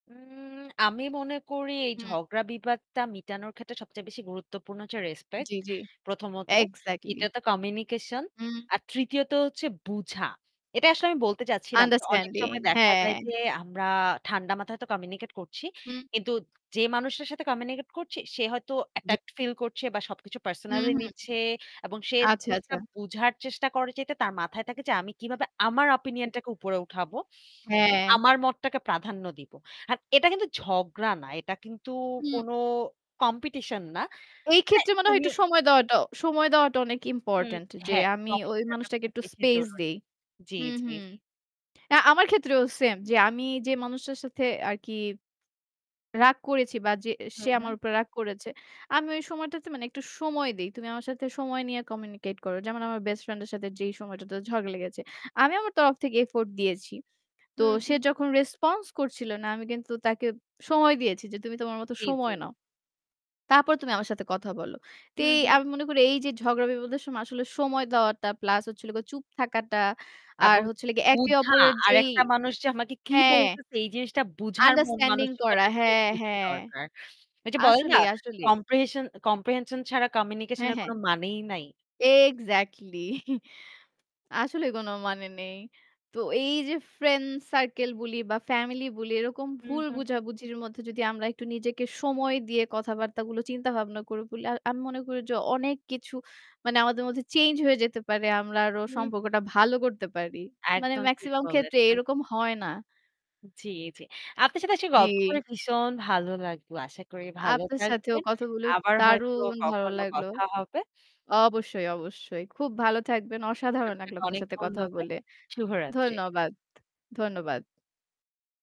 হুম আমি মনে করি এই হুম। ঝগড়া বিবাদটা মিটানোর ক্ষেত্রে সবচেয়ে বেশি গুরুত্বপূর্ণ হচ্ছে জি, রেসপেক্ট। জি, ১ম ত এক্সাক্টলি। ২য় ত কমিউনিকেশন হুম। আর ৩য় ত হচ্ছে বুঝা। এটাই আসলে আমি বলতে চাচ্ছিলাম। অনেক আন্ডারস্ট্যান্ডিং, সময় দেখা হ্যাঁ। যায় যে আমরা ঠান্ডা মাথায় হয়তো কমিউনিকেট করছি। হুম। কিন্তু যে মানুষের সাথে কমিউনিকেট করছি সে হয়তো জি। অ্যাটাকড ফিল করছে বা সবকিছু হুম, পার্সোনালি হুম। নিচ্ছে এবং সে আচ্ছা, জিনিসটা আচ্ছা। বুঝার চেষ্টা করে যে তার মাথায় থাকে যে আমি কিভাবে আমার [unintelligible] অপিনিয়ন টাকে উপরে উঠাবো। হ্যাঁ। আমার মতটাকে প্রাধান্য দিব। আর এটা কিন্তু ঝগড়া না, এটা কিন্তু হুম। কোনো কম্পিটিশন না এই মানে ক্ষেত্রে মনে হয় একটু উনিও সময় দেওয়াটা সময় দেওয়াটা অনেক হুম, ইম্পোর্টেন্ট যে হ্যাঁ, আমি [unintelligible] ওই বিষয়টা মানুষটাকে খুব একটু বেশি স্পেস জরুরী, দেই। জি, হুম, জি। হুম, আ আমার ক্ষেত্রেও সেম যে আমি যে মানুষটার সাথে আরকি রাগ করেছি বা যে হু, সে হু। আমার উপর রাগ করেছে। আমি ওই সময়টাতে মানে একটু সময় দেই। তুমি আমার সাথে সময় নিয়ে কমিউনিকেট করো। যেমন আমার বেস্ট ফ্রেন্ড এর সাথে যেই সময়টাতে ঝগড়া লেগেছে। আমি আমার তরফ থেকে এফোর্ট দিয়েছি। তো হুম, সে হুম। যখন রেসপন্স করছিল না আমি কিন্তু তাকে সময় দিয়েছি যে তুমি তোমার মত জি, জি। সময় নাও। তারপর তুমি আমার সাথে কথা বলো। হু, এ হু। আমি মনে করি এই যে ঝগড়া বিবাদের সময় আসলে সময় দেওয়াটা প্লাস হচ্ছিল চুপ থাকাটা আর এবং হচ্ছিল একে বুঝা অপরের আর যেই একটা মানুষ যে আমাকে কি হ্যাঁ। বলছে এই জিনিসটা বুঝার মন আন্ডারস্ট্যান্ডিং মানসিকতা করা খুব হ্যাঁ, বেশি হ্যাঁ। দরকার। এই যে বলে না আসলেই, আসলে। কম্প্রিহেশন কম্প্রিহেনশন ছাড়া কমিউনিকেশন হ্যাঁ, এর কোন হ্যাঁ। মানেই নাই। এক্সাক্টলি আসলে কোন মানে নেই। তো এই যে ফ্রেন্ড সার্কেল বলি বা ফ্যামিলি বলি এরকম হুম, ভুল হুম। বোঝাবুঝির মধ্যে যদি আমরা একটু নিজেকে সময় দিয়ে কথাবার্তাগুলো চিন্তা ভাবনা করে বলি। আমি মনে করি যে অনেক কিছু মানে আমাদের মধ্যে চেঞ্জ হয়ে যেতে পারে। আমরা আরো হু, হু। সম্পর্কটা ভালো করতে পারি। মানে একদম ঠিক মেক্সিমাম ক্ষেত্রে বলেছেন। এরকম হয় না। জি, জি। আপনার সাথে আসলে গল্প জি। করে ভীষণ ভালো লাগলো। আশা করি ভালো আপনার সাথেও থাকবেন। কথা বলে আবার হয়তো দারুণ ভালো কখনো লাগল। কথা হবে। অবশ্যই, অবশ্যই। খুব ভালো থাকবেন। অসাধারণ আপনাকে লাগলো আপনার অনেক সাথে কথা ধন্যবাদ, বলে। শুভরাত্রি। ধন্যবাদ, ধন্যবাদ।